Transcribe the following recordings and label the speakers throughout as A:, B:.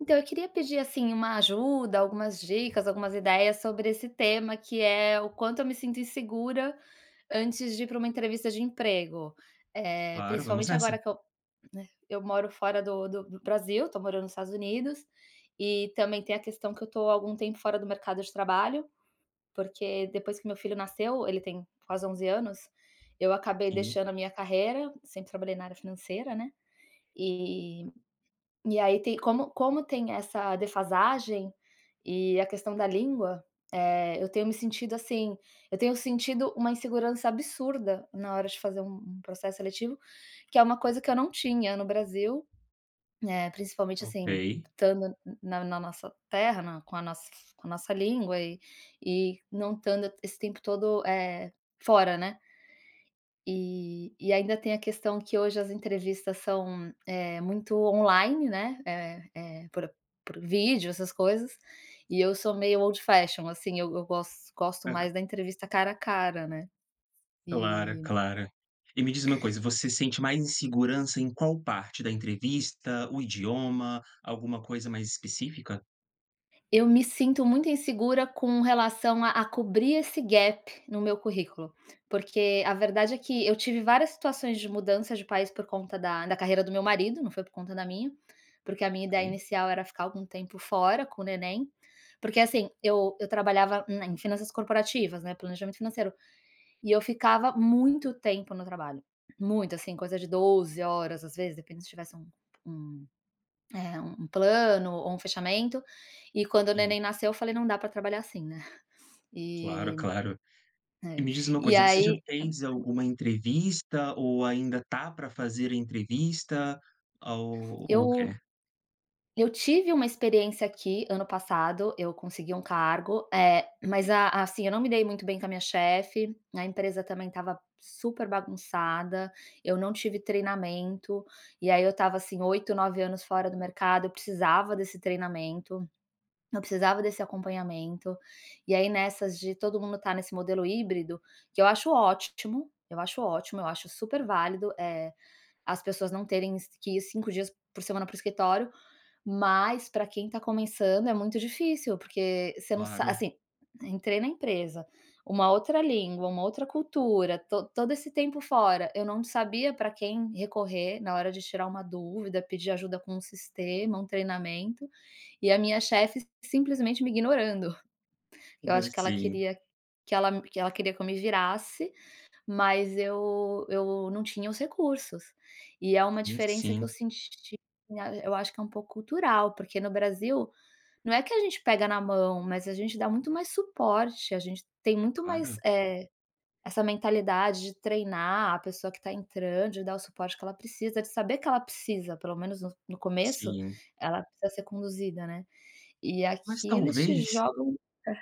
A: Então, eu queria pedir, assim, uma ajuda, algumas dicas, algumas ideias sobre esse tema que é o quanto eu me sinto insegura antes de ir pra uma entrevista de emprego, eh,
B: Claro, vamos
A: principalmente agora
B: nessa.
A: que eu, né, eu moro fora do do do Brasil, tô morando nos Estados Unidos, e também tem a questão que eu tô há algum tempo fora do mercado de trabalho, porque depois que meu filho nasceu, ele tem quase 11 anos, eu acabei
B: Sim.
A: deixando a minha carreira, sempre trabalhei na área financeira, né. E e aí tem como como tem essa defasagem e a questão da língua, eh, eu tenho me sentido, assim, eu tenho sentido uma insegurança absurda na hora de fazer um um processo seletivo, que é uma coisa que eu não tinha no Brasil, eh, principalmente assim,
B: Ok.
A: estando n na na nossa terra, na com a nossa com a nossa língua, e e não estando esse tempo todo, eh, fora, né. E e ainda tem a questão que hoje as entrevistas são, eh, muito online, né, é é por por vídeo, essas coisas, e eu sou meio old fashion, assim, eu eu gos gosto mais da entrevista cara a cara, né,
B: Claro,
A: e
B: claro. E me diz uma coisa, você sente mais insegurança em qual parte da entrevista? O idioma, alguma coisa mais específica?
A: Eu me sinto muito insegura com relação a a cobrir esse gap no meu currículo, porque a verdade é que eu tive várias situações de mudança de país por conta da da carreira do meu marido, não foi por conta da minha, porque a minha ideia
B: Ok.
A: inicial era ficar algum tempo fora com o neném, porque assim, eu eu trabalhava n em finanças corporativas, né, planejamento financeiro, e eu ficava muito tempo no trabalho, muito, assim, coisa de 12 horas, às vezes, depende se tivesse um um, eh, um plano ou um fechamento, e quando o
B: Sim.
A: neném nasceu, eu falei, não dá pra trabalhar assim, né,
B: Claro,
A: e
B: claro, e
A: é,
B: me diz uma
A: e
B: coisa, você já
A: aí
B: fez
A: [unintelligible]
B: alguma entrevista ou ainda tá pra fazer a entrevista ou ou o quê?
A: Eu eu tive uma experiência aqui ano passado, eu consegui um cargo, eh, mas a assim, eu não me dei muito bem com a minha chefe, a empresa também estava super bagunçada, eu não tive treinamento, e aí eu estava assim 8, 9 anos fora do mercado, eu precisava desse treinamento, eu precisava desse acompanhamento, e aí nessas de todo mundo tá nesse modelo híbrido, que eu acho ótimo, eu acho ótimo, eu acho super válido, eh, as pessoas não terem es que ir 5 dias por semana para o escritório, mas pra quem tá começando é muito difícil, porque você não sa
B: Claro.
A: assim, entrei na empresa, uma outra língua, uma outra cultura, to todo esse tempo fora, eu não sabia pra quem recorrer na hora de tirar uma dúvida, pedir ajuda com o sistema, um treinamento, e a minha chefe simplesmente me ignorando, que eu
B: Por
A: acho que ela
B: assim.
A: queria que ela que ela queria que eu me virasse, mas eu eu não tinha os recursos, e é uma
B: E
A: diferença que eu
B: sim.
A: senti, né, eu acho que é um pouco cultural, porque no Brasil não é que a gente pega na mão, mas a gente dá muito mais suporte, a gente tem
B: É
A: muito mais,
B: claro.
A: eh, essa mentalidade de treinar a pessoa que tá entrando, de dar o suporte que ela precisa, de saber que ela precisa, pelo menos no no começo,
B: Sim.
A: ela precisa ser conduzida, né, e
B: Mas
A: aqui eles te
B: talvez
A: jogam é.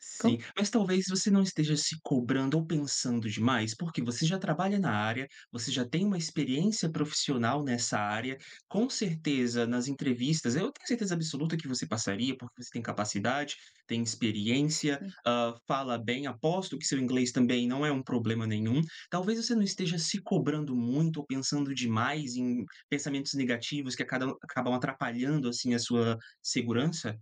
B: Sim,
A: Como?
B: mas talvez você não esteja se cobrando ou pensando demais? Porque você já trabalha na área, você já tem uma experiência profissional nessa área, com certeza, nas entrevistas eu tenho certeza absoluta que você passaria, porque você tem capacidade, tem experiência,
A: Sim.
B: hã, fala bem, aposto que seu inglês também não é um problema nenhum. Talvez você não esteja se cobrando muito ou pensando demais em pensamentos negativos que a cada o acabam atrapalhando, assim, a sua segurança?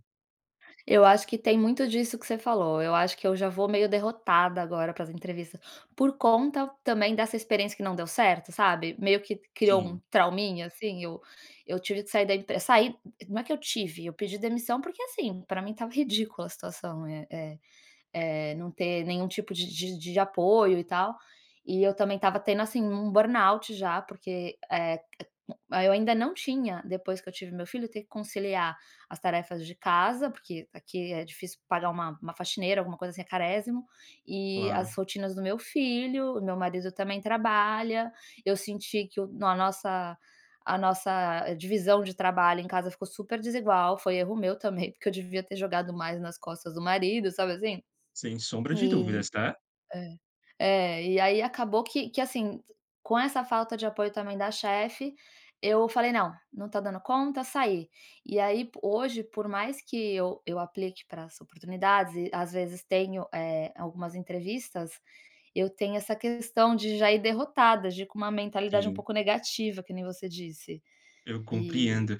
A: Eu acho que tem muito disso que você falou, eu acho que eu já vou meio derrotada agora para as entrevistas, por conta também dessa experiência que não deu certo, sabe, meio que criou um
B: Sim.
A: trauminha, assim. Eu eu tive que sair da empre saí não é que eu tive, eu pedi demissão, porque, assim, pra mim estava ridícula a situação, eh eh eh, não ter nenhum tipo de de de apoio e tal. E eu também estava tendo, assim, um burnout já, porque, eh eh, eu ainda não tinha depois que eu tive meu filho, ter que conciliar as tarefas de casa, porque aqui é difícil pagar uma uma faxineira, alguma coisa assim, é carésimo, e as
B: Claro.
A: rotinas do meu filho, o meu marido também trabalha, eu senti que o na nossa a nossa divisão de trabalho em casa ficou super desigual. Foi erro meu também, porque eu devia ter jogado mais nas costas do marido, sabe assim.
B: Sem sombra de dúvidas,
A: E
B: tá.
A: é. É, e aí acabou que que, assim, com essa falta de apoio também da chefe, eu falei: "Não, não tô dando conta", saí. E aí po hoje, por mais que eu eu aplique para as oportunidades e às vezes tenho, eh, algumas entrevistas, eu tenho essa questão de já ir derrotada, de ir com uma mentalidade um
B: Sim.
A: pouco negativa, que nem você disse,
B: Eu
A: e
B: compreendo.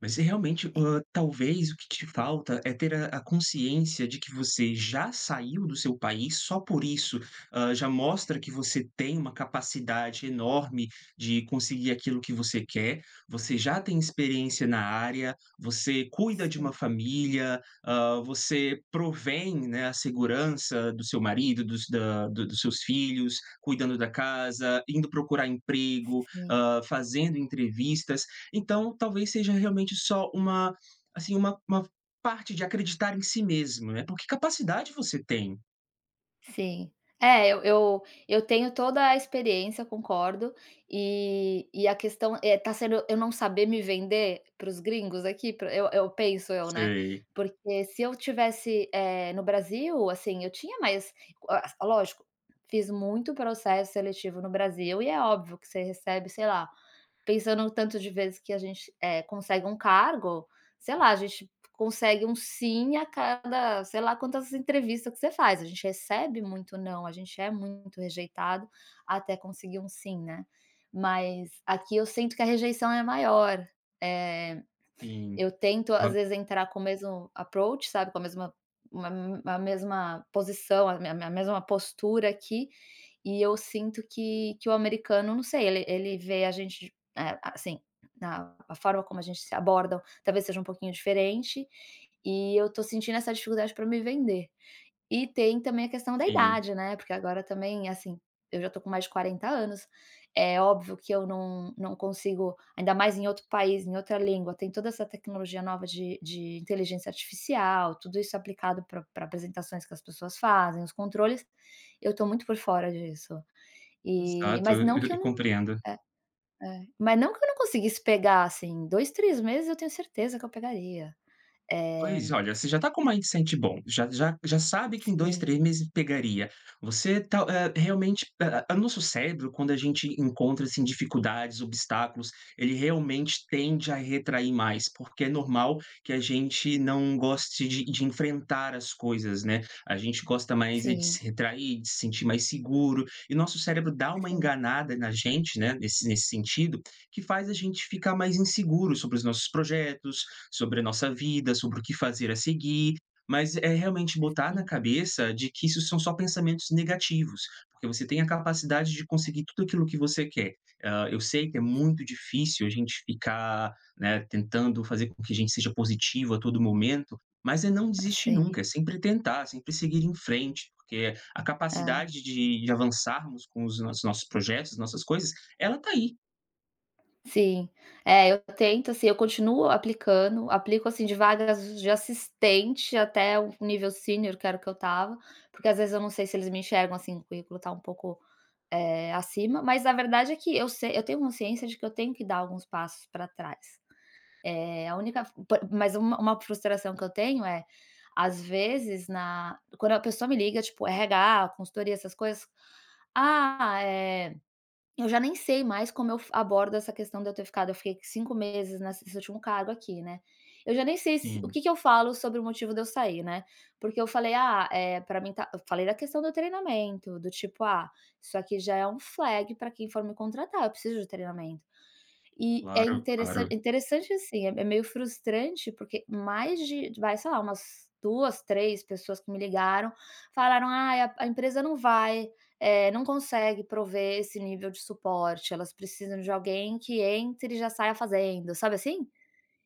B: Mas você realmente, hã, talvez o que te falta é ter a a consciência de que você já saiu do seu país, só por isso, hã, já mostra que você tem uma capacidade enorme de conseguir aquilo que você quer, você já tem experiência na área, você cuida de
A: Sim.
B: uma família, hã, você provém, né, a segurança do seu marido, dos da do dos seus filhos, cuidando da casa, indo procurar emprego,
A: Sim.
B: hã, fazendo entrevistas, então, talvez seja realmente só uma, assim, uma uma parte de acreditar em si mesmo, né, porque capacidade você tem.
A: Sim. É, eu eu eu tenho toda a experiência, concordo. E e a questão é tá sendo eu não saber me vender para os gringos aqui, para o eu eu penso eu, né,
B: Sei.
A: porque se eu tivesse, eh, no Brasil, assim, eu tinha mais Ah, lógico, fiz muito processo seletivo no Brasil e é óbvio que você recebe, sei lá, pensando no tanto de vezes que a gente, eh, consegue um cargo, sei lá, a gente consegue um sim a cada, sei lá, quantas entrevistas que você faz, a gente recebe muito não, a gente é muito rejeitado até conseguir um sim, né, mas aqui eu sinto que a rejeição é maior. Eh,
B: Sim.
A: eu tento,
B: Eu
A: às
B: a
A: vezes, entrar com o mesmo approach, sabe, com a mesma uma m a mesma posição, a me me mesma postura aqui, e eu sinto que que o americano, não sei, ele ele vê a gente, eh, assim, na a forma como a gente se abordam talvez seja um pouquinho diferente, e eu tô sentindo essa dificuldade pra me vender. E tem também a questão da
B: Sim.
A: idade, né, porque agora também, assim, eu já tô com mais de 40 anos. É óbvio que eu não não consigo, ainda mais em outro país, em outra língua, tem toda essa tecnologia nova de de inteligência artificial, tudo isso aplicado pra pra apresentações que as pessoas fazem, os controles, eu tô muito por fora disso. E
B: Exato,
A: mas
B: eu
A: não
B: eu
A: que eu
B: eu
A: não
B: compreendo.
A: É, é. Mas não que eu não conseguisse pegar, assim, 2, 3 meses eu tenho certeza que eu pegaria.
B: Pois.
A: Eh
B: Olha, você já tá com um mindset bom. Já já já sabe que em 2,
A: Sim.
B: 3 meses pegaria, você tá eh, realmente a a o nosso cérebro, quando a gente encontra, assim, dificuldades, obstáculos, ele realmente tende a retrair mais, porque é normal que a gente não goste de de enfrentar as coisas, né, a gente gosta mais é de
A: Sim.
B: se retrair, de se sentir mais seguro, e nosso cérebro dá uma
A: Sim.
B: enganada na gente, né, nesse s nesse sentido, que faz a gente ficar mais inseguro sobre os nossos projetos, sobre a nossa vida, sobre o que fazer a seguir. Mas é realmente botar na
A: Sim.
B: cabeça de que isso são só pensamentos negativos, porque você tem a capacidade de conseguir tudo aquilo que você quer. Hã, eu sei que é muito difícil a gente ficar, né, tentando fazer com que a gente seja positivo a todo momento, mas é não
A: Ah,
B: desistir
A: sim.
B: nunca, é sempre tentar, sempre seguir em frente, porque a
A: É.
B: capacidade de de avançarmos com os nossos os nossos projetos, nossas coisas, ela tá aí.
A: Sim. É, eu tento, assim, eu continuo aplicando, aplico, assim, de vagas de assistente até o nível sênior, que era o que eu estava, porque às vezes eu não sei se eles me enxergam assim, o currículo tá um pouco, eh, acima, mas a verdade é que eu sei eu tenho consciência de que eu tenho que dar alguns passos pra trás. Eh, a única fo por mas uma uma frustração que eu tenho é, às vezes na quando a pessoa me liga, tipo RH, consultoria, essas coisas, "Ah, eh" eu já nem sei mais como eu fa como eu abordo essa questão de eu ter ficado, eu fiquei 5 nessa nesse último cargo aqui, né. Eu já nem se o
B: Sim.
A: que que eu falo sobre o motivo de eu sair, né, porque eu falei: "Ah, eh, pra mim tá" eu falei da questão do treinamento, do tipo: "Ah, isso aqui já é um flag pra quem for me contratar, eu preciso de treinamento". E é
B: Claro, claro.
A: interessante interessante, assim, é me é meio frustrante, porque mais de vai, sei lá, umas 2, 3 pessoas que me ligaram falaram: "Ai, a a empresa não vai, eh, não consegue prover esse nível de suporte, elas precisam de alguém que entre e já saia fazendo", sabe assim?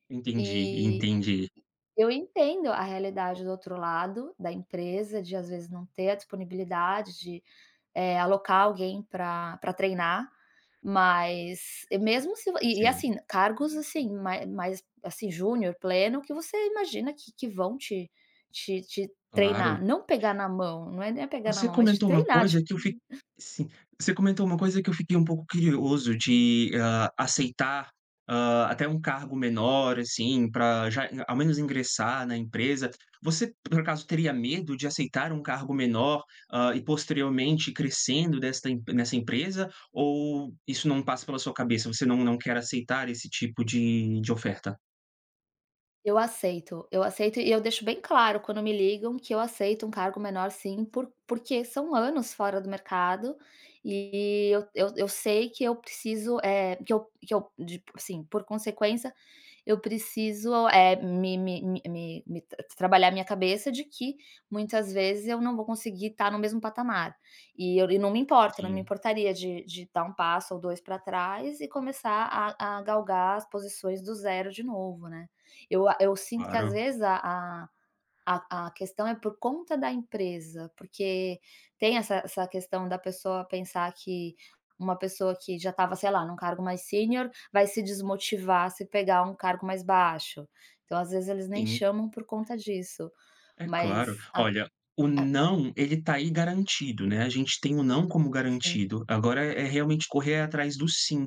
B: Entendi,
A: E
B: entendi.
A: eu entendo a realidade do outro lado, da empresa, de às vezes não ter a disponibilidade de, eh, alocar alguém para para treinar, mas e mesmo se vo e e
B: Sim.
A: assim, cargos assim, mai mais, assim, júnior, pleno, que você imagina que que vão te te te
B: Claro.
A: treinar, não pegar na mão, não é nem pegar na
B: Você
A: mão, mas te
B: comentou uma
A: treinar, tip
B: coisa que eu fi sim. Você comentou uma coisa que eu fiquei um pouco curioso de, hã, aceitar, hã, até um cargo menor, assim, pra já ao menos ingressar na empresa. Você, por acaso, teria medo de aceitar um cargo menor, hã, e posteriormente crescendo desta em nesta empresa, ou isso não passa pela sua cabeça, você não não quer aceitar esse tipo de de oferta?
A: Eu aceito, eu aceito e eu deixo bem claro quando me ligam que eu aceito um cargo menor sim, por porque são anos fora do mercado e eu eu eu sei que eu preciso, eh, que eu que eu de assim, por consequência, eu preciso, eh, me me me me me t tra trabalhar minha cabeça de que muitas vezes eu não vou conseguir estar no mesmo patamar. E eu e não me importo, não me
B: Sim.
A: importaria de de dar 1 passo ou 2 pra trás e começar a a galgar as posições do 0 de novo, né. Eu a eu sinto que às
B: Claro.
A: vezes a a a a questão é por conta da empresa, porque tem essa essa questão da pessoa pensar que uma pessoa que já estava, sei lá, num cargo mais sênior, vai se desmotivar se pegar um cargo mais baixo, então às vezes eles nem
B: Sim.
A: chamam por conta disso.
B: É claro.
A: Mas a
B: Olha, o
A: a
B: não, ele tá aí garantido, né, a gente tem o não como
A: Sim.
B: garantido, agora é realmente correr atrás do sim,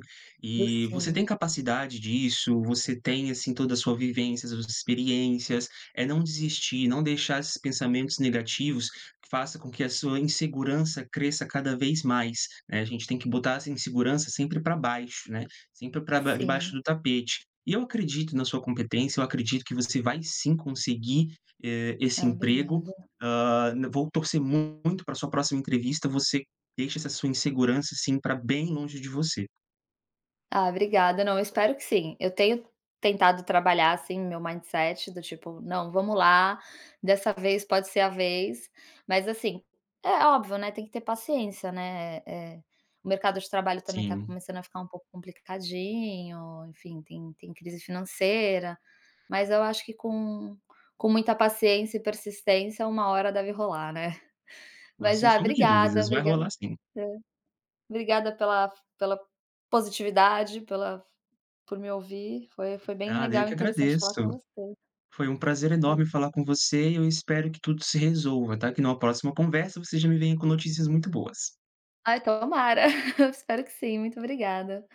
A: Do
B: e você
A: sim.
B: tem capacidade disso, você tem, assim, toda a sua vivência, suas experiências. É não desistir, não deixar esses pensamentos negativos que faça com que a sua insegurança cresça cada vez mais, né, a gente tem que botar essa insegurança sempre pra baixo, né, sempre pra ba
A: Sim.
B: debaixo do tapete. E eu acredito na sua competência, eu acredito que você vai sim conseguir, eh, esse
A: Ah,
B: emprego,
A: obrigada.
B: hã, n vou torcer muito para a sua próxima entrevista, você deixa essa sua insegurança, assim, pra bem longe de você.
A: Ah, obrigada. Não, eu espero que sim. Eu tenho tentado trabalhar, assim, meu mindset, do tipo: "Não, vamos lá, dessa vez pode ser a vez", mas assim, é óbvio, né, tem que ter paciência, né, eh eh, o mercado de trabalho também tá
B: Sim.
A: começando a ficar um pouco complicadinho, enfim, tem tem crise financeira. Mas eu acho que com com muita paciência e persistência uma hora deve rolar, né.
B: Ô,
A: Mas,
B: sem
A: ah,
B: sombra de
A: obrigada,
B: dúvidas, vai
A: obriga
B: rolar sim.
A: Hã. Obrigada pela f pela positividade, pela f por me ouvir, foi foi bem
B: Nada, eu
A: legal e
B: que
A: interessante falar com
B: agradeço.
A: você.
B: Foi um prazer
A: E
B: enorme falar com você e eu espero que tudo se resolva, tá, que numa próxima conversa você já me venha com notícias muito boas.
A: Ai, tomara. Espero que sim. Muito obrigada.